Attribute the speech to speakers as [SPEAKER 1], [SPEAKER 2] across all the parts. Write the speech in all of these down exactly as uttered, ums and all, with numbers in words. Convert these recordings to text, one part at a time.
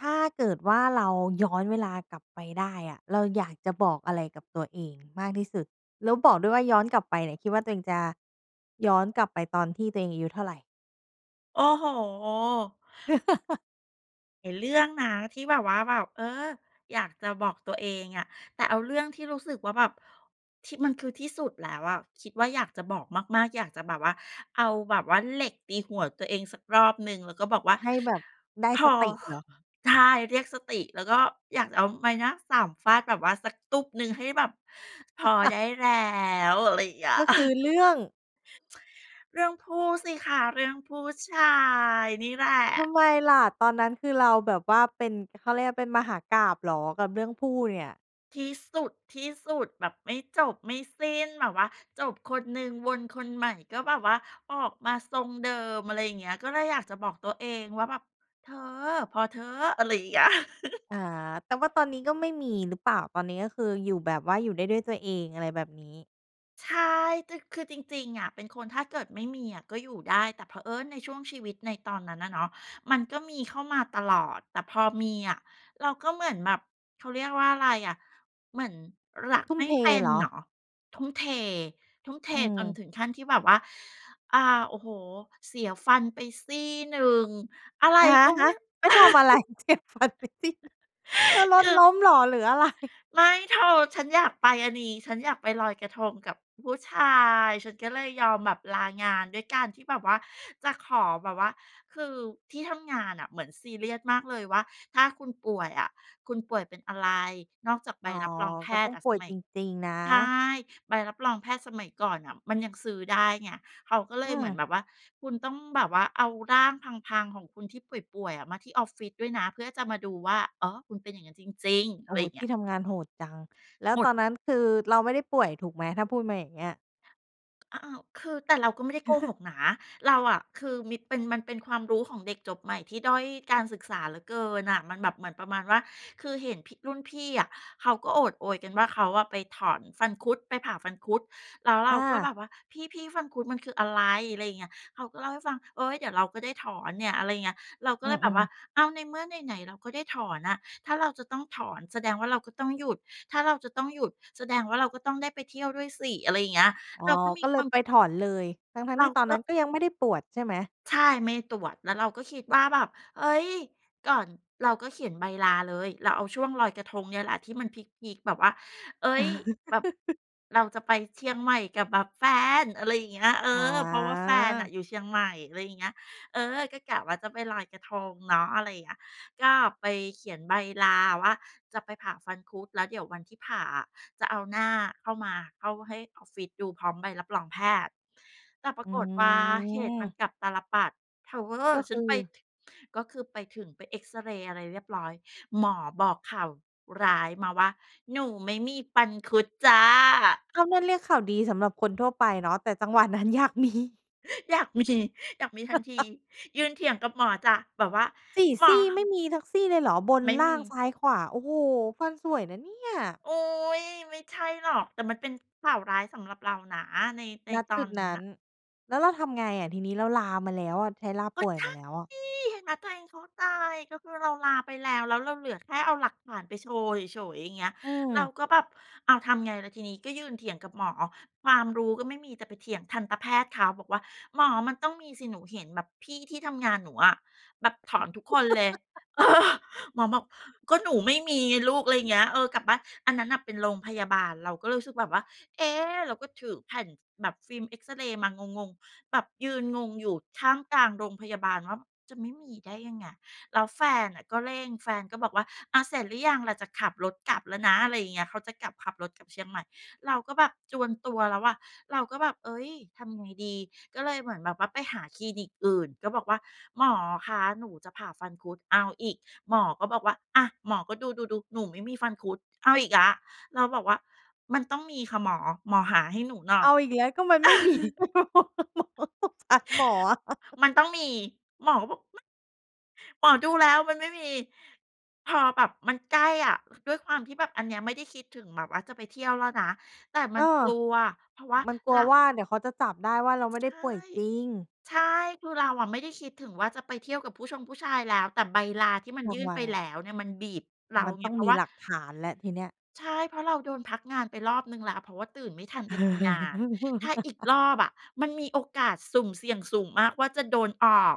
[SPEAKER 1] ถ้าเกิดว่าเราย้อนเวลากลับไปได้อะ เราอยากจะบอกอะไรกับตัวเองมากที่สุด? แล้วบอกด้วยว่าย้อนกลับไปเนี่ย คิดว่าตัวเองจะ ย้อนกลับไปตอนที่ตัวเองอายุเท่าไร?
[SPEAKER 2] โอ้โฮ เห็นเรื่องนะที่แบบว่าแบบ เออ อยากจะบอกตัวเองอะ แต่เอาเรื่องที่รู้สึกว่าแบบ ที่ มันคือที่สุดแล้วอะ คิดว่าอยากจะบอกมาก ๆ อยากจะแบบว่า เอาแบบว่าเหล็กตีหัวตัวเองสักรอบหนึ่ง แล้วก็บอกว่า
[SPEAKER 1] ให้แบบได้
[SPEAKER 2] "พอ"
[SPEAKER 1] สติ
[SPEAKER 2] ค
[SPEAKER 1] เหรอ?
[SPEAKER 2] ใช่ เรียกสติ แล้วก็อยากจะเอาไม้หน้าสามฟาดแบบว่าสักตุ๊บหนึ่งให้แบบพอได้แล้ว อะไรอย่างเงี้ย
[SPEAKER 1] ก็
[SPEAKER 2] อ
[SPEAKER 1] คือเรื่อง?
[SPEAKER 2] เรื่องผู้สิคะ เรื่องผู้ชายนี่แหล
[SPEAKER 1] ท
[SPEAKER 2] ะ
[SPEAKER 1] ำไมล่ะ ตอนนั้นคือเราแบบว่าเป็น ก เขาเรียกว่าเป็นมหากาพย์เหรอ กับเรื่องผู้เนี่ย?
[SPEAKER 2] ที่สุด ๆ แบบไม่จบไม่สิ้น แบบว่าจบคนหนึ่งวนคนใหม่ก็แบบว่าออกมาทรงเดิม อะไรอย่างเงี้ย ก็เลยอยากจะบอกตัวเองว่าแบบ "เธอ พอเถอะ" อะไรอย่างเงี้ย
[SPEAKER 1] อา แต่ว่าตอนนี้ก็ไม่มีหรือเปล่า? ตอนนี้ก็คืออยู่แบบว่า อยู่ได้ด้วยตัวเอง อะไรแบบนี้
[SPEAKER 2] ใช่ จ คือจริง ๆ อะ เป็นคนถ้าเกิดไม่มีอะก็อยู่ได้ แต่เผอิญในช่วงชีวิตในตอนนั้นอะเนาะ มันก็มีเข้ามาตลอด แต่พอมีอะเราก็เหมือนแบบ เขาเรียกว่าอะไรอะ เหมือนรัก
[SPEAKER 1] ทุ่
[SPEAKER 2] ไ
[SPEAKER 1] ม
[SPEAKER 2] ม่
[SPEAKER 1] เท
[SPEAKER 2] เป็น
[SPEAKER 1] เหร
[SPEAKER 2] เ
[SPEAKER 1] อ?
[SPEAKER 2] หรอ ทุ่มเท ทุ่มเท
[SPEAKER 1] อ
[SPEAKER 2] จน
[SPEAKER 1] ือ
[SPEAKER 2] ถึงขั้นที่แบบว่า อา โอ้โฮ เสียฟันไปซี่หนึ่ง อะไร
[SPEAKER 1] อะ
[SPEAKER 2] ก็
[SPEAKER 1] ฮ
[SPEAKER 2] ไม
[SPEAKER 1] ะ
[SPEAKER 2] ่ เ
[SPEAKER 1] ไปทำอะไร เจ็บฟันไปซี่หนึ่ง เธ
[SPEAKER 2] ออ
[SPEAKER 1] อร
[SPEAKER 2] ค
[SPEAKER 1] ถ
[SPEAKER 2] ือ
[SPEAKER 1] ล้มเหรอ หรืออะ ไร?
[SPEAKER 2] ไม่เธอ ฉันอยากไปอันนี้ ฉันอยากไปลอยกระทงกับผู้ชาย ฉันก็เลยยอมแบบลางาน ด้วยการที่แบบว่า จะขอแบบว่า คือที่ทำงานน่ะเหมือนซีเรียสมากเลยว่าถ้าคุณป่วยอะ คุณป่วยเป็นอะไร นอกจากใบ
[SPEAKER 1] อ๋อ
[SPEAKER 2] รับรองแพ
[SPEAKER 1] ก็ต้
[SPEAKER 2] ทย
[SPEAKER 1] อ
[SPEAKER 2] ์
[SPEAKER 1] ง
[SPEAKER 2] อะ
[SPEAKER 1] ป่
[SPEAKER 2] ส
[SPEAKER 1] วย
[SPEAKER 2] มั
[SPEAKER 1] จ
[SPEAKER 2] ย
[SPEAKER 1] ริง ๆ นะ
[SPEAKER 2] ใช่ ใบรับรองแพทย์สมัยก่อนน่ะมันยังซื้อได้ไง เขาก็เล
[SPEAKER 1] อื
[SPEAKER 2] ยเหมือน
[SPEAKER 1] ม
[SPEAKER 2] แบบว่า คุณต้องแบบว่าเอาร่างพัง ๆ ของคุณที่ป่วย ๆ อะมาที่ออฟฟิศด้วยนะ เพื่อจะมาดูว่า อ๋อ คุณเป็นอย่างนั้นจริง ๆ
[SPEAKER 1] โอ
[SPEAKER 2] อะ
[SPEAKER 1] ้
[SPEAKER 2] ไร
[SPEAKER 1] โฮ
[SPEAKER 2] อย่าง
[SPEAKER 1] ท
[SPEAKER 2] เงี
[SPEAKER 1] ี
[SPEAKER 2] ้ย
[SPEAKER 1] ่ทำงานโหดจัง แล้ว
[SPEAKER 2] หม
[SPEAKER 1] ต
[SPEAKER 2] ด
[SPEAKER 1] อนนั้นคือเราไม่ได้ป่วยถูกไหม? ถ้าพูดมาอย่างเงี้ย
[SPEAKER 2] อ อ้าว คือ แต่เราก็ไม่ได้โกหกนะ เราอะคือ มีเป็น มันเป็นความรู้ของเด็กจบใหม่ที่ด้อยการศึกษาเหลือเกินน่ะ มันแบบเหมือนประมาณว่า คือเห็นพี่ รุ่นพี่อะเขาก็โอดโอยกันว่า "เขาอะไปถอนฟันคุด ไปผ่าฟันคุด" แล้วเร
[SPEAKER 1] อ
[SPEAKER 2] าก็แ
[SPEAKER 1] า
[SPEAKER 2] บบว่า "พี่ ๆ ฟันคุดมันคืออะไร" อะไรอย่างเงี้ย เขาก็เล่าให้ฟัง "เฮ้ย เดี๋ยวเราก็ได้ถอนเนี่ย" อะไรเงี้ย เราก็
[SPEAKER 1] อื
[SPEAKER 2] เลยแบบ
[SPEAKER 1] อ
[SPEAKER 2] ว่า
[SPEAKER 1] ๆ
[SPEAKER 2] อ้าว ในเมื่อไหน ๆ เราก็ได้ถอนอะ ถ้าเราจะต้องถอนแสดงว่าเราก็ต้องหยุด ถ้าเราจะต้องหยุดแสดงว่าเราก็ต้องได้ไปเที่ยวด้วยสิ อะไรอย่างเงี้ย
[SPEAKER 1] อ๋อ
[SPEAKER 2] เราก็ม
[SPEAKER 1] ก
[SPEAKER 2] ี
[SPEAKER 1] ็เล
[SPEAKER 2] คว
[SPEAKER 1] ย
[SPEAKER 2] าม
[SPEAKER 1] ไปถอนเลย ทั้ง
[SPEAKER 2] เร
[SPEAKER 1] ๆ ที
[SPEAKER 2] า
[SPEAKER 1] ่ตอน
[SPEAKER 2] ก
[SPEAKER 1] น
[SPEAKER 2] ็
[SPEAKER 1] ั้นก็ยังไม่ได้ปวดใช่ไหม?
[SPEAKER 2] ใช่ ไม่ตรวจ แล้วเราก็คิดว่าแบบ เฮ้ย ก่อน เราก็เขียนใบลาเลย เราเอาช่วงลอยกระทงเนี่ยแหละ ที่มันพีก ๆ แบบว่า เฮ้ย แบบ เราจะไปเชียงใหม่กับแบบแฟน อะไรอย่างเงี้ย เออ
[SPEAKER 1] อ
[SPEAKER 2] เพราะว่าแฟนอะ
[SPEAKER 1] า
[SPEAKER 2] อยู่เชียงใหม่ อะไรอย่างเงี้ย เออ ก็กะว่าจะไปลอยกระทงเนาะ อะไรเงี้ย ก็ไปเขียนใบลาว่า "จะไปผ่าฟันคุด" แล้วเดี๋ยววันที่ผ่าอะ จะเอาหน้าเข้ามา เข้าให้ออฟฟิศดูพร้อมใบรับรองแพทย์ แต่ปรา
[SPEAKER 1] อื
[SPEAKER 2] กฏว่าเหตุมัน
[SPEAKER 1] อ
[SPEAKER 2] กลับตาลปัตร เธอ
[SPEAKER 1] ก็
[SPEAKER 2] ฉ
[SPEAKER 1] ค
[SPEAKER 2] ั
[SPEAKER 1] ื
[SPEAKER 2] น
[SPEAKER 1] อ
[SPEAKER 2] ไป ท ก็คือไปถึง ไปเอกซเรย์ อะไรเรียบร้อย หมอบอกข่าวร้ายมาว่า "หนูไม่มีฟันคุดจ้ะ"
[SPEAKER 1] ก็นั่นเรียกข่าวดีสำหรับคนทั่วไปเนาะ แต่จังหวะนั้นอยาก มี
[SPEAKER 2] อยาก มี อยากมีทันที ยืนเถียงกับหมอจ้ะ แบบว่า
[SPEAKER 1] สี่
[SPEAKER 2] "หม
[SPEAKER 1] ซ
[SPEAKER 2] อ"
[SPEAKER 1] ี่ ไม
[SPEAKER 2] ฮ
[SPEAKER 1] ่มีสักซี่เลยเหรอ? บน
[SPEAKER 2] ไม่
[SPEAKER 1] ล
[SPEAKER 2] ม
[SPEAKER 1] ่า
[SPEAKER 2] ี
[SPEAKER 1] ง ซ้าย ขวา โอ้โฮ ฟันสวยนะเนี่ย
[SPEAKER 2] โอ๊ย ไม่ใช่หรอก แต่มันเป็นข่าวร้ายสำหรับเรานะ ใน ใน
[SPEAKER 1] ณ
[SPEAKER 2] ตอ
[SPEAKER 1] จุ
[SPEAKER 2] น
[SPEAKER 1] ด
[SPEAKER 2] นั
[SPEAKER 1] น
[SPEAKER 2] ้น
[SPEAKER 1] ั้
[SPEAKER 2] น่
[SPEAKER 1] น
[SPEAKER 2] ะ
[SPEAKER 1] แล้วเราทำไงอะทีนี้ เราลามาแล้วอะ ใช้ลา
[SPEAKER 2] ก
[SPEAKER 1] ป
[SPEAKER 2] ็
[SPEAKER 1] ่วย
[SPEAKER 2] ใช
[SPEAKER 1] ม
[SPEAKER 2] ่
[SPEAKER 1] าแล้วอะ?
[SPEAKER 2] เห็นไหมตัวเอง เข้าตาย ก็คือเราลาไปแล้ว แล้วเราเหลือแค่เอาหลักฐานไปโชว์เฉย ๆ อย่างเงี้ย
[SPEAKER 1] อื
[SPEAKER 2] เรา
[SPEAKER 1] อ
[SPEAKER 2] ก็แบบ อ้าว ทำไงล่ะทีนี้ ก็ยืนเถียงกับหมอ ความรู้ก็ไม่มี แต่ไปเถียงทันตแพทย์เขา บอกว่า "หมอมันต้องมีสิ หนูเห็นแบบพี่ที่ทำงานหนูอะแบบถอนทุกคนเลย" เออ หมอบอก "ก็หนูไม่มีไงลูก" อะไรเงี้ย "เออ กลับบ้าน" อันนั้นน่ะเป็นโรงพยาบาล เราก็เลยรู้สึกแบบว่า เอ๊ะ เราก็ถือแผ่น ท แบบฟิล์มเอกซเรย์มางง ๆ แบบยืนงงอยู่ท่ามกลางโรงพยาบาลว่า "จะไม่มีได้ไง" แล้วแฟนน่ะก็เร่ง แฟนก็บอกว่า "อา เสร็จหรือยังล่ะ จะขับรถกลับแล้วนะ" อะไรอย่างเงี้ย เขาจะกลับ ขับรถกลับเชียงใหม่ เราก็แบบจวนตัวแล้วอะ เราก็แบบ เฮ้ย ทำไงดี ก็เลยเหมือนแบบว่าไปหาคลินิกอื่น ก็บอกว่าหมอคะหนูจะผ่าฟันคุด เอาอีก หมอก็บอกว่า อ่า หมอก็ดู ๆ ๆ "หนูไม่มีฟันคุด" เอาอีกแล้ว เราบอกว่า "มันต้องมีค่ะหมอ หมอหาให้หนูหน่อ
[SPEAKER 1] เ
[SPEAKER 2] ย"
[SPEAKER 1] อาอีกแล้ว ก็มันไม่ มี สงสารหมออะ
[SPEAKER 2] มันต้องมี หมอก็บอก "ไม่" "หมอดูแล้วมันไม่มี" พอแบบมันใกล้อะ ด้วยความที่แบบอันเนี้ยไม่ได้คิดถึงแบบว่าจะไปเที่ยวแล้วนะ แต่ม
[SPEAKER 1] เ
[SPEAKER 2] ั
[SPEAKER 1] อ
[SPEAKER 2] นก
[SPEAKER 1] อ
[SPEAKER 2] ลัว เพราะว่า
[SPEAKER 1] มันกล
[SPEAKER 2] เร
[SPEAKER 1] ัว
[SPEAKER 2] า
[SPEAKER 1] ว่า เดี๋ยวเขาจะจับได้ว่าเราไม่ไ
[SPEAKER 2] ใช
[SPEAKER 1] ด้
[SPEAKER 2] ่
[SPEAKER 1] ป่วยจริง
[SPEAKER 2] ใช่ คือเราอะไม่ได้คิดถึงว่าจะไปเที่ยวกับผู้ชงผู้ชายแล้ว แต่ใบลาที่มัน
[SPEAKER 1] ร
[SPEAKER 2] ย
[SPEAKER 1] า
[SPEAKER 2] ื่
[SPEAKER 1] ง
[SPEAKER 2] น
[SPEAKER 1] วั
[SPEAKER 2] ไป
[SPEAKER 1] ลอ
[SPEAKER 2] แล
[SPEAKER 1] ะ
[SPEAKER 2] ้วเนี่ยมันบีบเรา
[SPEAKER 1] มัน
[SPEAKER 2] ไง
[SPEAKER 1] ต้อง
[SPEAKER 2] เพรา
[SPEAKER 1] ม
[SPEAKER 2] ะ
[SPEAKER 1] ี
[SPEAKER 2] ว่า
[SPEAKER 1] หลักฐานแล้วทีเนี้ย
[SPEAKER 2] ใช่ เพราะเราโดนพักงานไปรอบหนึ่งแล้ว เพราะว่าตื่นไม่ทันไปทำงาน ถ้าอีกรอบอะมันมีโอกาสสุ่มเสี่ยงสูงมากว่าจะโดนออก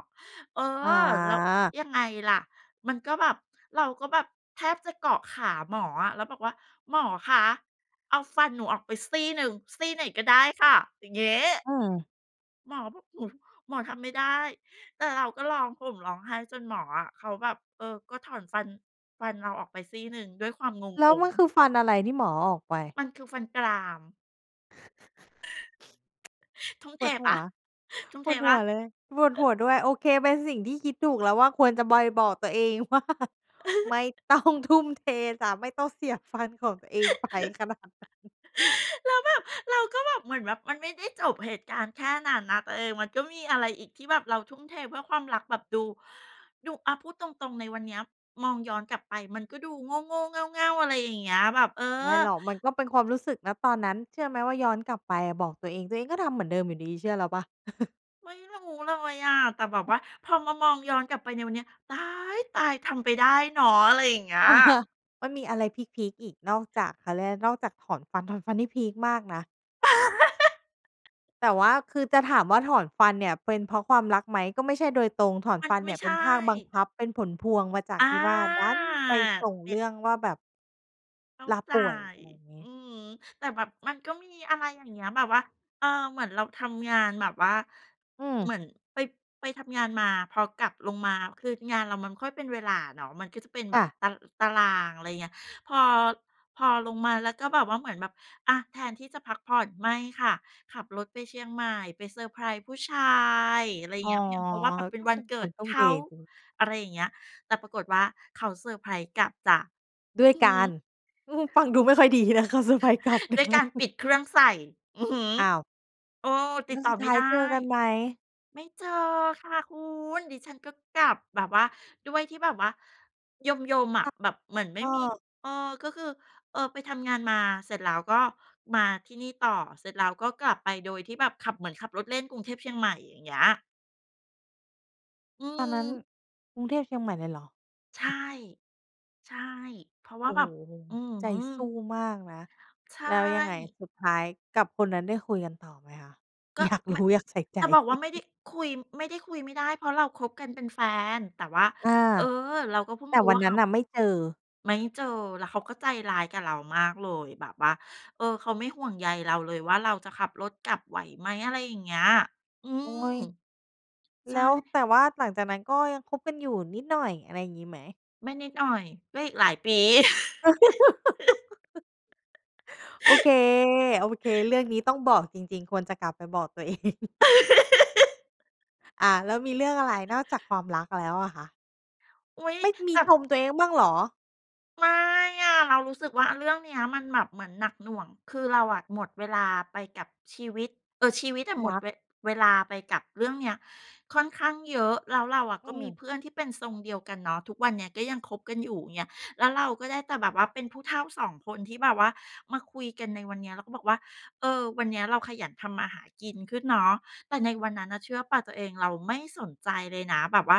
[SPEAKER 2] เออ
[SPEAKER 1] อ
[SPEAKER 2] แล้ว
[SPEAKER 1] า
[SPEAKER 2] ยังไงล่ะ มันก็แบบ เราก็แบบแทบจะเกาะขาหมออะ แล้วบอกว่า "หมอคะเอาฟันหนูออกไปซี่หนึ่ง ซี่ไหนก็ได้ค่ะ" อย่างงี้
[SPEAKER 1] อืม
[SPEAKER 2] หมอบอก "ฮึ หมอทำไม่ได้" แต่เราก็ร้องห่มร้องไห้จนหมออะเขาแบบ เออ ก็ถอนฟัน ฟันเราออกไปซี่หนึ่งด้วยความง
[SPEAKER 1] แล้วม
[SPEAKER 2] ง
[SPEAKER 1] ัน
[SPEAKER 2] ๆ
[SPEAKER 1] คือฟันอะไร ที่หมอเอาออกไป?
[SPEAKER 2] มันคือฟันกราม ทุ่ม
[SPEAKER 1] ป
[SPEAKER 2] เท
[SPEAKER 1] วดห
[SPEAKER 2] เปล
[SPEAKER 1] ั
[SPEAKER 2] ่า
[SPEAKER 1] ว
[SPEAKER 2] ทุ่ม
[SPEAKER 1] ป
[SPEAKER 2] เท
[SPEAKER 1] วด
[SPEAKER 2] เป
[SPEAKER 1] ห
[SPEAKER 2] ล่
[SPEAKER 1] ั
[SPEAKER 2] า?
[SPEAKER 1] วเลย ปวดหัวด้วย โอเคเป็นสิ่งที่คิดถูกแล้วว่า ควรจะบอย บอกตัวเองว่า ไม่ต้องทุ่มเทจ๊ะ ไม่ต้องเสียฟันของตัวเองไปขนาดนั้น
[SPEAKER 2] แล้วแบบ เราก็เหมือนแบบมันไม่ได้จบเหตุการณ์แค่นั้นนะตัวเอง มันก็มีอะไรอีกที่แบบเราทุ่มเทเพื่อความรักแบบดู ดู อะพูดตรง ๆ ในวันเนี้ย มองย้อนกลับไปมันก็ดูโง่ ๆ เง่า ๆ อะไรอย่างเงี้ย แบบ เออ
[SPEAKER 1] ไม่หรอกมันก็เป็นความรู้สึก ณ ตอนนั้น เชื่อไหมว่าย้อนกลับไปบอกตัวเอง ตัวเองก็ทำเหมือนเดิมอยู่ดีเชื่อเราเปล่า
[SPEAKER 2] ไม่รู้เลยอะ แต่แบบว่าพอมามองย้อนกลับไปในวันเนี้ย ต๊ายตาย ทำไปได้เนาะอะไรอย่างเงี้ย
[SPEAKER 1] มันมีอะไรพีก ๆ อีก นอกจากเขาเรียกอะไร นอกจากถอนฟัน ถอนฟันนี่พีกมากนะ แต่ว่าคือ จะถามว่า ถอนฟันเนี่ยเป็นเพราะความรักไหมก็ไม่ใช่โดยตรง ถอน
[SPEAKER 2] มัน
[SPEAKER 1] ฟัน
[SPEAKER 2] ไ
[SPEAKER 1] เ
[SPEAKER 2] ม
[SPEAKER 1] นี
[SPEAKER 2] ่
[SPEAKER 1] ่ย
[SPEAKER 2] ใ
[SPEAKER 1] เ
[SPEAKER 2] ช
[SPEAKER 1] ป็นภาคบัง
[SPEAKER 2] ่
[SPEAKER 1] คับเป็นผลพวงมาจาก
[SPEAKER 2] อา
[SPEAKER 1] ที่ว่า ดันไปส่ง
[SPEAKER 2] เนี
[SPEAKER 1] เ
[SPEAKER 2] ่
[SPEAKER 1] ร
[SPEAKER 2] ย
[SPEAKER 1] ื่องว่าแบบ
[SPEAKER 2] เข้า
[SPEAKER 1] ลา
[SPEAKER 2] ใจ
[SPEAKER 1] ป่วยอะไรอย่างน
[SPEAKER 2] อ
[SPEAKER 1] ี้
[SPEAKER 2] ืม แต่แบบมันก็มีอะไรอย่างเงี้ย แบบว่า เออ เหมือนเราทำงานแบบว่า
[SPEAKER 1] อื
[SPEAKER 2] เ
[SPEAKER 1] ม
[SPEAKER 2] หมือนไป ไปทำงานมา พอกลับลงมา คืองานเรามันไม่ค่อยเป็นเวลาเนาะ มันก็จะเป็นแ
[SPEAKER 1] ค
[SPEAKER 2] บ
[SPEAKER 1] ่
[SPEAKER 2] บ
[SPEAKER 1] ะ
[SPEAKER 2] ตะ ตารางอะไรเงี้ย พอ พอลงมาแล้วก็แบบว่าเหมือนแบบ อา แทนที่จะพักผ่อน ไม่ค่ะ ขับรถไปเชียงใหม่ไปเซอร์ไพรส์ผู้ชายอะไร
[SPEAKER 1] อ๋อ
[SPEAKER 2] เงี้ย เพียงเพราะว่า แบบเป็
[SPEAKER 1] ก
[SPEAKER 2] น
[SPEAKER 1] ็
[SPEAKER 2] วั
[SPEAKER 1] เป
[SPEAKER 2] น
[SPEAKER 1] ็น
[SPEAKER 2] เกิ
[SPEAKER 1] คน
[SPEAKER 2] ด
[SPEAKER 1] ทุ
[SPEAKER 2] เ
[SPEAKER 1] ่
[SPEAKER 2] ข
[SPEAKER 1] มเท
[SPEAKER 2] า
[SPEAKER 1] ดี
[SPEAKER 2] อะไรอย่างเงี้ย แต่ปรากฏว่าเขาเซอร์ไพรส์กลับจ๊ะ
[SPEAKER 1] ด้วย
[SPEAKER 2] อือ
[SPEAKER 1] ก
[SPEAKER 2] ฮ
[SPEAKER 1] าร
[SPEAKER 2] ึ
[SPEAKER 1] ฟังดูไม่ค่อยดีนะคะเซอร์ไพรส์กลับ
[SPEAKER 2] ด้วยการปิดเครื่องใส่ อือฮึ
[SPEAKER 1] อ้าว
[SPEAKER 2] เออ ต
[SPEAKER 1] แล
[SPEAKER 2] ิ
[SPEAKER 1] ้
[SPEAKER 2] ด
[SPEAKER 1] ว
[SPEAKER 2] ต่
[SPEAKER 1] ส
[SPEAKER 2] อ
[SPEAKER 1] ุด
[SPEAKER 2] ไ
[SPEAKER 1] ท
[SPEAKER 2] ม่
[SPEAKER 1] ้าย
[SPEAKER 2] ได
[SPEAKER 1] เจ
[SPEAKER 2] ้
[SPEAKER 1] อกันไหม?
[SPEAKER 2] ไม่เจอค่ะคุณ ดิฉันก็กลับแบบว่า ด้วยที่แบบว่ายม ๆ อ
[SPEAKER 1] ค
[SPEAKER 2] ะ
[SPEAKER 1] ่ะ
[SPEAKER 2] แบบเหมือนไม่
[SPEAKER 1] ก็
[SPEAKER 2] มี เออ ก็คือ เออ ไปทำงานมาเสร็จแล้วก็มาที่นี่ต่อ เสร็จแล้วก็กลับไปโดยที่แบบขับ เหมือนขับรถเล่นกรุงเทพเชียงใหม่อย่างเงี้ย อื
[SPEAKER 1] ตอนนั้น
[SPEAKER 2] ม
[SPEAKER 1] กรุงเทพเชียงใหม่เลยเหรอ?
[SPEAKER 2] ใช่ ใช่ เพราะว
[SPEAKER 1] โ
[SPEAKER 2] ่
[SPEAKER 1] อ
[SPEAKER 2] า
[SPEAKER 1] ้
[SPEAKER 2] แบบ
[SPEAKER 1] โฮ!
[SPEAKER 2] อื้อ
[SPEAKER 1] ใจ
[SPEAKER 2] ฮื
[SPEAKER 1] สู
[SPEAKER 2] อ
[SPEAKER 1] ้มากนะ
[SPEAKER 2] ใช
[SPEAKER 1] แล้วยังไง?
[SPEAKER 2] ่
[SPEAKER 1] สุดท้ายกับคนนั้นได้คุยกันต่อไหมคะ?
[SPEAKER 2] ก็
[SPEAKER 1] อยากร
[SPEAKER 2] ม
[SPEAKER 1] ู้อยากใส่ใจ
[SPEAKER 2] จะบอกว่า ไม่ได้ คุย ไม่ได้คุยไม่ได้เพราะเราคบกันเป็นแฟน แต่ว่า
[SPEAKER 1] อา
[SPEAKER 2] เออ เราก็เพิ่
[SPEAKER 1] แ
[SPEAKER 2] ง
[SPEAKER 1] ต่
[SPEAKER 2] รู้
[SPEAKER 1] วั
[SPEAKER 2] ว
[SPEAKER 1] น
[SPEAKER 2] ่า
[SPEAKER 1] น
[SPEAKER 2] เข
[SPEAKER 1] ั้น
[SPEAKER 2] า
[SPEAKER 1] น่ะไม่เจอ
[SPEAKER 2] ไม่เจอ แล้วเขาก็ใจร้ายกับเรามากเลยแบบว่า เออ เขาไม่ห่วงใยเราเลยว่า เราจะขับรถกลับไหวไหม อะไรอย่างเงี้ย อื
[SPEAKER 1] โอ๊
[SPEAKER 2] ม
[SPEAKER 1] ย
[SPEAKER 2] ใช
[SPEAKER 1] แล
[SPEAKER 2] ่
[SPEAKER 1] ้ว แต่ว่าหลังจากนั้นก็ยังคบกันอยู่นิดหน่อย อะไรอย่างงี้ไหม?
[SPEAKER 2] ไม่นิดหน่อย ก็อีกหลายปี
[SPEAKER 1] โอเค ๆ เรื่องนี้ต้องบอกจริง ๆ ควรจะกลับไปบอก ตัวเอง อา แล้วมีเรื่องอะไรนอกจากความรักแล้วอะคะ?
[SPEAKER 2] อุ๊ย!
[SPEAKER 1] ไม่ม
[SPEAKER 2] แ
[SPEAKER 1] ี
[SPEAKER 2] บบ
[SPEAKER 1] ชมตัวเองบ้างเหรอ?
[SPEAKER 2] ไม่อะ เรารู้สึกว่าเรื่องเนี้ยมันแบบเหมือนหนักหน่วง คือเราอะหมดเวลาไปกับชีวิต เออ ชีวิตอะห
[SPEAKER 1] ร
[SPEAKER 2] มด
[SPEAKER 1] ัก
[SPEAKER 2] เว เวลาไปกับเรื่องเนี้ย ค่อนข้างเยอะ แล้วเราอะ
[SPEAKER 1] อื
[SPEAKER 2] ก็มี
[SPEAKER 1] ม
[SPEAKER 2] เพื่อนที่เป็นทรงเดียวกันเนาะ ทุกวันเนี้ยก็ยังคบกันอยู่ เงี้ย แล้วเราก็ได้แต่แบบว่าเป็นผู้เฒ่า สอง คนที่แบบว่ามาคุยกันในวันเนี้ยแล้วก็บอกว่า เออ วันเนี้ยเราขยันทำมาหากินขึ้นเนาะ แต่ในวันนั้นนะเชื่อเปล่าตัวเอง เราไม่สนใจเลยนะแบบว่า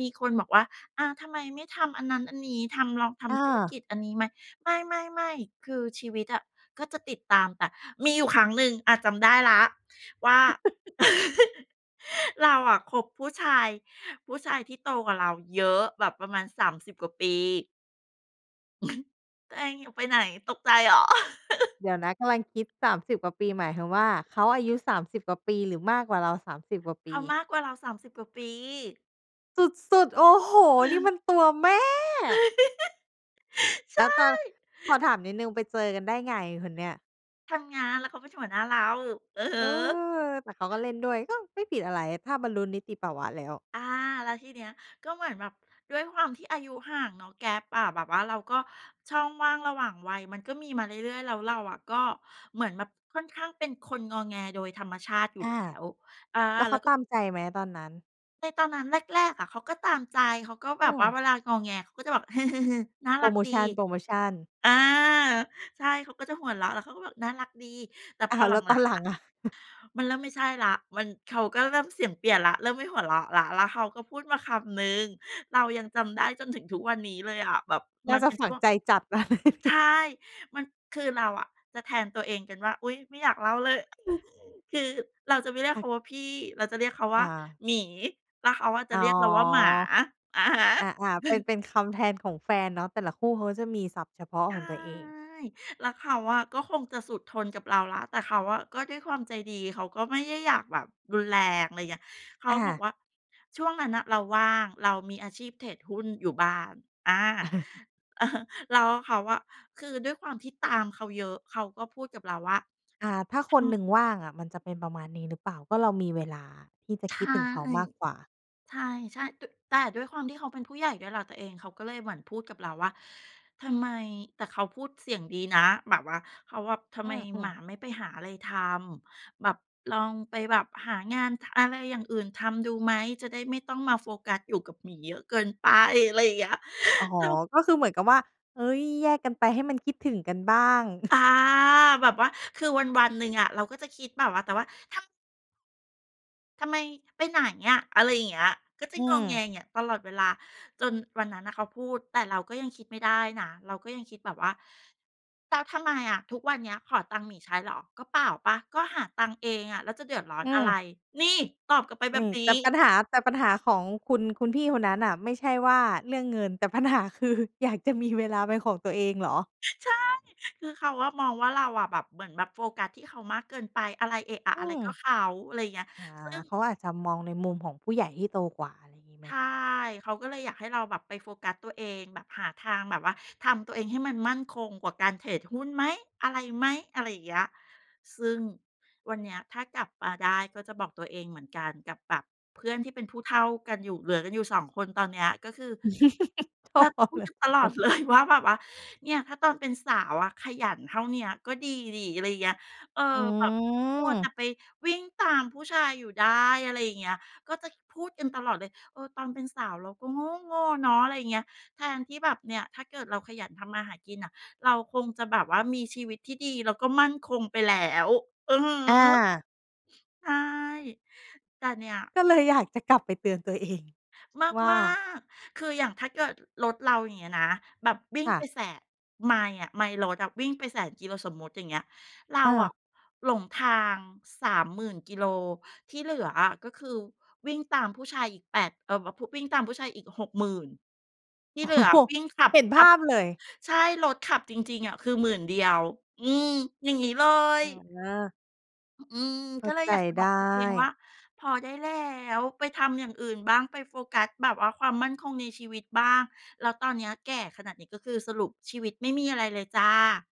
[SPEAKER 2] มีคนบอกว่า อ่า ทำไมไม่ทำอันนั้น อันนี้ ทำ ลองท
[SPEAKER 1] อ
[SPEAKER 2] ำธุรก
[SPEAKER 1] า
[SPEAKER 2] ิจอันนี้ไหม ไม่ ๆ ๆ คือชีวิตอะก็จะติดตามแต่ มีอยู่ครั้งหนึ่ง อ่า จำได้แล้วว่า เราอะคบ ผู้ชาย ผู้ชายที่โตกว่าเราเยอะแบบประมาณ สามสิบ กว่าปี ตัวเองอยู่ ไปไหน ตกใจเหรอ?
[SPEAKER 1] เดี๋ยวนะ กำลังคิด สามสิบ กว่าปี หมายความว่าเขาอายุ สามสิบ กว่าปี หรือมากกว่าเรา สามสิบ กว่าป
[SPEAKER 2] เข
[SPEAKER 1] ี?
[SPEAKER 2] ามากกว่าเรา สามสิบ กว่าปี
[SPEAKER 1] สุด ๆ โอ้โฮ! นี่มันตัวแม่
[SPEAKER 2] ใ
[SPEAKER 1] แ
[SPEAKER 2] ช
[SPEAKER 1] ล้วตอน
[SPEAKER 2] ่
[SPEAKER 1] ขอถามนิดหนึ่งไปเจอกันได้ไงคนเนี้ย?
[SPEAKER 2] ทำงาน แล้วเขาเป็นหัวหน้าเรา อือฮ
[SPEAKER 1] เ
[SPEAKER 2] ึ
[SPEAKER 1] ออ แต่เขาก็เล่นด้วย ก็ไม่ผิดอะไรถ้าบรรลุนิติภาวะแล้ว
[SPEAKER 2] อา แล้วทีเนี้ย ก็เหมือนแบบด้วยความที่อายุห่างเนาะ Gap อะ แบบว่าเราก็ ช่องว่างระหว่างวัยมันก็มีมาเรื่อย ๆ แล้วเราอะ ก็เหมือนแบบค่อนข้างเป็นคนงอแง โดยธรรมชาติอยู่
[SPEAKER 1] อ
[SPEAKER 2] แล
[SPEAKER 1] า
[SPEAKER 2] ้ว อา
[SPEAKER 1] แล้วเ
[SPEAKER 2] แ
[SPEAKER 1] ข
[SPEAKER 2] ล้
[SPEAKER 1] า
[SPEAKER 2] ว ก็
[SPEAKER 1] ตามใจไหมตอนนั้น?
[SPEAKER 2] ในตอนนั้นแรก ๆ อะเขาก็ตามใจ เขาก็แ
[SPEAKER 1] อ
[SPEAKER 2] บ
[SPEAKER 1] ื
[SPEAKER 2] บว่า
[SPEAKER 1] ม
[SPEAKER 2] เวลางอแงเขาก็จะแบบ "หึ ๆ ๆ น่า
[SPEAKER 1] โพ
[SPEAKER 2] ร
[SPEAKER 1] ร
[SPEAKER 2] ัก
[SPEAKER 1] โม
[SPEAKER 2] ดี"
[SPEAKER 1] ชัน โพรโมชัน
[SPEAKER 2] อา ใช่ เขาก็จะหัวเราะ แล้วเขาก็บอกน่ารักดี แต่
[SPEAKER 1] อ
[SPEAKER 2] พ
[SPEAKER 1] ้า
[SPEAKER 2] อ
[SPEAKER 1] ว
[SPEAKER 2] ห
[SPEAKER 1] แ
[SPEAKER 2] ล
[SPEAKER 1] ล้วต
[SPEAKER 2] ั
[SPEAKER 1] อน
[SPEAKER 2] ง
[SPEAKER 1] หล
[SPEAKER 2] ๆ
[SPEAKER 1] ั
[SPEAKER 2] อ
[SPEAKER 1] ง
[SPEAKER 2] ะ
[SPEAKER 1] อะ
[SPEAKER 2] มันเริ่มไม่ใช่แล้ว มัน เขาก็เริ่มเสียงเปลี่ยนแล้ว เริ่มไม่หัวเราะแล้ว แล้วเขาก็พูดมาคำหนึ่ง เรายังจำได้จนถึงทุกวันนี้เลยอะ แบบ
[SPEAKER 1] น่
[SPEAKER 2] ม
[SPEAKER 1] า
[SPEAKER 2] ัน
[SPEAKER 1] จะ
[SPEAKER 2] เป็น
[SPEAKER 1] ฝ
[SPEAKER 2] ช
[SPEAKER 1] ัง
[SPEAKER 2] ่วง
[SPEAKER 1] ใจจัด เลย
[SPEAKER 2] ใช่ มัน คือเราอะจะแทนตัวเองกันว่า อุ๊ย!ไม่อยากเล่าเลย คือเราจะไม่เรียก
[SPEAKER 1] ค่
[SPEAKER 2] เข
[SPEAKER 1] ะ
[SPEAKER 2] าว่าพี่ เราจะเรียกเขาว
[SPEAKER 1] อ
[SPEAKER 2] ่า
[SPEAKER 1] า
[SPEAKER 2] หมี แล้วเขาอะจ
[SPEAKER 1] อ
[SPEAKER 2] ะ
[SPEAKER 1] ๋อ
[SPEAKER 2] เรียกเราว่าหมา อะฮะ
[SPEAKER 1] อ่า ๆ เป็น เป็นคำแทนของแฟนเนาะ แต่ละคู่เขาก็จะมีศัพท์เฉพาะ
[SPEAKER 2] ใช
[SPEAKER 1] ขอ
[SPEAKER 2] ่
[SPEAKER 1] งตัวเอง
[SPEAKER 2] แล้วเขาอะก็คงจะสุดทนกับเราแล้ว แต่เขาอะ ก็ด้วยความใจดี เขาก็ไม่ใย่ อยากแบบรุนแรง อะไรเงี้ย เขา
[SPEAKER 1] อ
[SPEAKER 2] บอก
[SPEAKER 1] า
[SPEAKER 2] ว่า ช่วงนั้นน่ะ เราว่าง เรามีอาชีพเทรดหุ้นอยู่บ้าน อา อะฮะ แล้วเขาอะ คือด้วยความที่ตามเขาเยอะ เขาก็พูดกับเราว่า
[SPEAKER 1] อา ถ้าค
[SPEAKER 2] ท
[SPEAKER 1] นห
[SPEAKER 2] ำ
[SPEAKER 1] นึ่งว่างอะมันจะเป็นประมาณนี้หรือเปล่า? ก็เรามีเวลาที่จะ
[SPEAKER 2] ใช
[SPEAKER 1] คิ
[SPEAKER 2] ่
[SPEAKER 1] ดถึงเขามากกว่า
[SPEAKER 2] ใช่ ๆ ต แต่ด้วยความที่เขาเป็นผู้ใหญ่ด้วยแหละตัวเอง เขาก็เลยเหมือนพูดกับเราว่า "ทำไม?" แต่เขาพูดเสียงดีนะ แบบว่าเขาแบบ "ทำ
[SPEAKER 1] อ
[SPEAKER 2] ไม
[SPEAKER 1] ื
[SPEAKER 2] หม
[SPEAKER 1] ม
[SPEAKER 2] า
[SPEAKER 1] ๆ
[SPEAKER 2] ไม่ไปหาอะไรทำ แบบลองไปแบบหางาน ท อะไรอย่างอื่นทำดูไหม? จะได้ไม่ต้องมาโฟกัสอยู่กับหมีเยอะ เกินไป" อะไรอย่างเงี้ย
[SPEAKER 1] อ๋อ
[SPEAKER 2] เขา
[SPEAKER 1] ก็คือเหมือนกับว่า เฮ้ย แยกกันไปให้มันคิดถึงกันบ้าง
[SPEAKER 2] อา แบบว่าคือวัน ๆ หนึ่งอะ เราก็จะคิดแบบว่า แต่ว่า ทำ ทำไม ไปไหนอะ อะไรอย่างเงี้ย ก็จะ
[SPEAKER 1] อื
[SPEAKER 2] งอแง
[SPEAKER 1] ม
[SPEAKER 2] อย่างเงี้ยตลอดเวลา จนวันนั้นน่ะเขาพูด แต่เราก็ยังคิดไม่ได้นะ เราก็ยังคิดแบบว่า "แล้วทำไมอะ ทุกวันเนี้ยขอตังค์หมีใช้เหรอ ก็เปล่าเปล่า ก็หาตังค์เองอะ แล้วจะเดือดร้อน
[SPEAKER 1] อื
[SPEAKER 2] อะไร"
[SPEAKER 1] ม
[SPEAKER 2] นี่ ตอบกลับไปแบ
[SPEAKER 1] น
[SPEAKER 2] บ
[SPEAKER 1] ี่
[SPEAKER 2] นี้
[SPEAKER 1] แต่ปัญหา แต่ปัญหาของคุณ คุณพี่คนนั้นน่ะไม่ใช่ว่าเรื่องเงิน แต่ปัญหาคืออยากจะมีเวลาเป็นของตัวเองเหรอ?
[SPEAKER 2] ใช่ คือเขาอะมองว่า เราอะแบบ เหมือนแบบโฟกัสที่เขามากเกินไป อะไร เอะอะ
[SPEAKER 1] อื
[SPEAKER 2] อะไรก็
[SPEAKER 1] ม
[SPEAKER 2] เขา อะไรอย่างเงี้ย
[SPEAKER 1] อา
[SPEAKER 2] ซึ่ง
[SPEAKER 1] เขาอาจจะมองในมุมของผู้ใหญ่ที่โตกว่า อะไรงี้ไ
[SPEAKER 2] ใช
[SPEAKER 1] หม?
[SPEAKER 2] ่ เขาก็เลยอยากให้เราแบบไปโฟกัสตัวเอง แบบหาทางแบบว่าทำตัวเองให้มันมั่นคงกว่าการเทรดหุ้นไหม อะไรไหม อะไรอย่างเงี้ย ซึ่งวันเนี้ยถ้ากลับมาได้ก็จะบอกตัวเองเหมือนกัน กับแบบเพื่อนที่เป็นผู้เฒ่ากันอยู่ เหลือกันอยู่ สอง คน ตอนเนี้ยก็คือ
[SPEAKER 1] โถ
[SPEAKER 2] เราจะพู
[SPEAKER 1] เ
[SPEAKER 2] ด
[SPEAKER 1] หลื
[SPEAKER 2] ก
[SPEAKER 1] อ
[SPEAKER 2] ันต
[SPEAKER 1] สอง
[SPEAKER 2] ล
[SPEAKER 1] ค
[SPEAKER 2] อด
[SPEAKER 1] น
[SPEAKER 2] เลย ว่า แบบว่า "เนี่ย ถ้าตอนเป็นสาวอะขยันเท่าเนี้ยก็ดีสิ" อะไรอย่างเงี้ย เออ
[SPEAKER 1] อ
[SPEAKER 2] แบบมัวแต
[SPEAKER 1] ืม
[SPEAKER 2] ่ไปวิ่งตามผู้ชายอยู่ได้ อะไรอย่างเงี้ย ก็จะ ค พูดกันตลอดเลย เออ ตอนเป็นสาวเราก็โง๊โง่เนาะ อะไรอย่างเงี้ย แทนที่แบบเนี่ย ถ้าเกิดเราขยันทำมาหากินอะ เราคงจะแบบว่ามีชีวิตที่ดีแล้วก็มั่นคงไปแล้ว อือฮ
[SPEAKER 1] อ
[SPEAKER 2] ึ
[SPEAKER 1] า
[SPEAKER 2] ใช่ แต่เนี่ย
[SPEAKER 1] ก็เลยอยากจะกลับไปเตือนตัว เอง ว่า?
[SPEAKER 2] มาก ๆ คืออย่างถ้าเกิดรถเราอย่างเงี้ยนะแบบวิ่ง
[SPEAKER 1] ค่
[SPEAKER 2] ไป
[SPEAKER 1] ะ
[SPEAKER 2] แสะ ไมล์อะ ไมล์รถอะวิ่งไป แสน กิโล สมมติอย่างเงี้ย เรา
[SPEAKER 1] อ
[SPEAKER 2] อะ
[SPEAKER 1] า
[SPEAKER 2] หลงทาง สามหมื่น กิโล ที่เหลืออะก็คือวิ่งตามผู้ชายอีก แปด เอ่อ ว ผุ วิ่งตามผู้ชายอีก หกหมื่น ที่
[SPEAKER 1] โอ้
[SPEAKER 2] เหลือวิ่งขับ
[SPEAKER 1] เห็น
[SPEAKER 2] ข
[SPEAKER 1] ภ
[SPEAKER 2] ับ
[SPEAKER 1] าพเลย
[SPEAKER 2] ใช่ รถขับจริง ๆ อะ คือ หมื่น เดียว อืม อย่างงี้เล
[SPEAKER 1] อ
[SPEAKER 2] ย
[SPEAKER 1] า
[SPEAKER 2] อ อืม
[SPEAKER 1] เข้
[SPEAKER 2] ก็
[SPEAKER 1] า
[SPEAKER 2] เลย
[SPEAKER 1] ใจ
[SPEAKER 2] อยากจะ
[SPEAKER 1] ไ
[SPEAKER 2] บ
[SPEAKER 1] ด
[SPEAKER 2] อกตัวเองว
[SPEAKER 1] ้
[SPEAKER 2] ่า "พอได้แล้ว ไปทำอย่างอื่นบ้าง ไปโฟกัสแบบว่าความมั่นคงในชีวิตบ้าง" แล้วตอนเนี้ยแก่ขนาดนี้ ก็คือสรุปชีวิตไม่มีอะไรเลยจ้ะ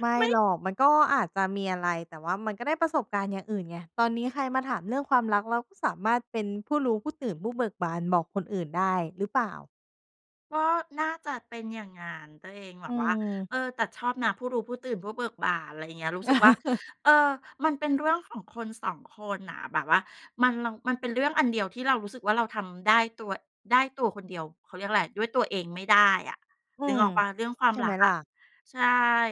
[SPEAKER 1] ไม่
[SPEAKER 2] ไม
[SPEAKER 1] ห
[SPEAKER 2] ่
[SPEAKER 1] รอก มันก็อาจจะมีอะไร แต่ว่ามันก็ได้ประสบการณ์อย่างอื่นไง ตอนนี้ใครมาถามเรื่องความรัก เราก็สามารถเป็นผู้รู้ ผู้ตื่น ผู้เบิกบาน บอกคนอื่นได้ หรือเปล่า?
[SPEAKER 2] ก็น่าจะเป็นอย่างงั้นตัวเอง แบ
[SPEAKER 1] อื
[SPEAKER 2] บว่า
[SPEAKER 1] ม
[SPEAKER 2] เออ แต่ชอบนะผู้รู้ ผู้ตื่น ผู้เบิกบาน ไรเงี้ย รู้สึกว่า เออ มันเป็นเรื่องของคน สอง คนน่ะ แบบว่ามัน แล้วมันเป็นเรื่องอันเดียวที่เรารู้สึกว่าเราทำได้ตัว ได้ตัวคนเดียว เขาเรียกอะไร ด้วยตัวเองไม่ได้อะ
[SPEAKER 1] อื
[SPEAKER 2] นึก
[SPEAKER 1] ม
[SPEAKER 2] ออกเปล่า เรื่องควา
[SPEAKER 1] ใ
[SPEAKER 2] ม
[SPEAKER 1] ช่
[SPEAKER 2] ร
[SPEAKER 1] ไ
[SPEAKER 2] ั
[SPEAKER 1] หม
[SPEAKER 2] กอ
[SPEAKER 1] ล่
[SPEAKER 2] ะ
[SPEAKER 1] ะ?
[SPEAKER 2] ใช่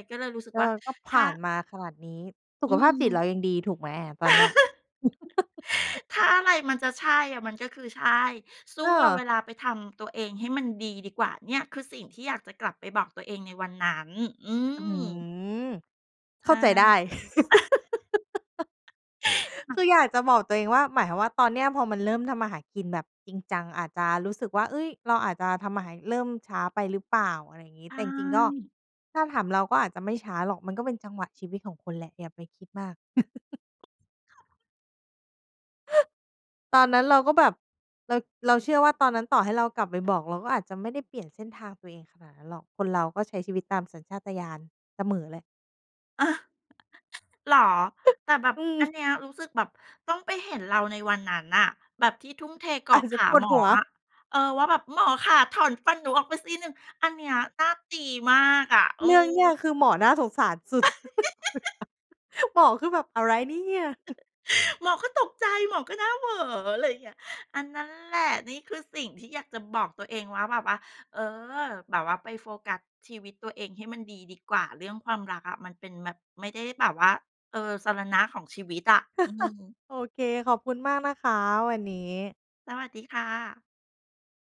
[SPEAKER 2] ก็เลยรู้สึก
[SPEAKER 1] เออ
[SPEAKER 2] ว่า
[SPEAKER 1] ก็ผ
[SPEAKER 2] ถ้
[SPEAKER 1] ่
[SPEAKER 2] า
[SPEAKER 1] านมาขนาดนี้ สุ
[SPEAKER 2] อื
[SPEAKER 1] ขภาพจิต
[SPEAKER 2] ม
[SPEAKER 1] เรายังดี ถูกไหมอะ ตอนเนี้ย?
[SPEAKER 2] ถ้าอะไรมันจะใช่อะมันก็คือใช่ สู้
[SPEAKER 1] เ
[SPEAKER 2] เอาเว
[SPEAKER 1] ออ
[SPEAKER 2] ลาไปทำตัวเองให้มันดีดีกว่า เนี่ย คือสิ่งที่อยากจะกลับไปบอกตัวเองในวันนั้น อื
[SPEAKER 1] อื้อฮื
[SPEAKER 2] ม
[SPEAKER 1] อ
[SPEAKER 2] ใช
[SPEAKER 1] เข้า
[SPEAKER 2] ่
[SPEAKER 1] ใจได้
[SPEAKER 2] จริงเหร
[SPEAKER 1] คื
[SPEAKER 2] อ?
[SPEAKER 1] ออยากจะบอกตัวเองว่า หมายความว่า ตอนเนี้ยพอมันเริ่มทำมาหากินแบบจริงจัง อาจจะรู้สึกว่า เฮ้ย เราอาจจะทำมาหา เริ่มช้าไปหรือเปล่า อะไรอย่างงี
[SPEAKER 2] ใช
[SPEAKER 1] ้ แต่จริง ๆ ก็
[SPEAKER 2] ่
[SPEAKER 1] ถ้าถามเราก็อาจจะไม่ช้าหรอก มันก็เป็นจังหวะชีวิตของคุณแหละ อย่าไปคิดมาก ตอนนั้นเราก็แบบ เรา เราเชื่อว่าตอนนั้นต่อให้เรากลับไปบอก เราก็อาจจะไม่ได้เปลี่ยนเส้นทางตัวเองขนาดนั้นหรอก คนเราก็ใช้ชีวิตตามสัญชาตญาณเสมอแหละ
[SPEAKER 2] เออ เหรอ
[SPEAKER 1] ฮ
[SPEAKER 2] แต่แบบ
[SPEAKER 1] อื
[SPEAKER 2] อั
[SPEAKER 1] ม
[SPEAKER 2] นเนี้ยรู้สึกแบบต้องไปเห็นเราในวันนั้นน่ะ แบบที่ทุ่มเทเก
[SPEAKER 1] อ
[SPEAKER 2] า
[SPEAKER 1] า
[SPEAKER 2] ะ
[SPEAKER 1] จ
[SPEAKER 2] ข
[SPEAKER 1] จะ
[SPEAKER 2] า
[SPEAKER 1] ปว
[SPEAKER 2] ห
[SPEAKER 1] ด
[SPEAKER 2] ม
[SPEAKER 1] ห
[SPEAKER 2] อ
[SPEAKER 1] ัว
[SPEAKER 2] อะ เออ ว่าแบบ "หมอคะถอนฟันหนูออกไปซี่หนึ่ง" อันเนี้ยน่าตีมากอะ เออ
[SPEAKER 1] เรื่องเนี้ยคือหมอน่าสงสารสุด หมอคือแบบ "อะไรเนี่ย"
[SPEAKER 2] หมอก็ตกใจ หมอก็หน้าเหวอ อะไรเงี้ย อา นั้นแหละ นี่คือสิ่งที่อยากจะบอกตัวเองว่า แบบว่า เออ "แบบว่าไปโฟกัสชีวิตตัวเองให้มันดีดีกว่า เรื่องความรักอะมันเป็นแบบ ไม่ได้แบบว่า เออ สรณะของชีวิตอะ" อืม
[SPEAKER 1] โอเค ขอบคุณมากนะคะวันนี้
[SPEAKER 2] สวัสดีค่ะ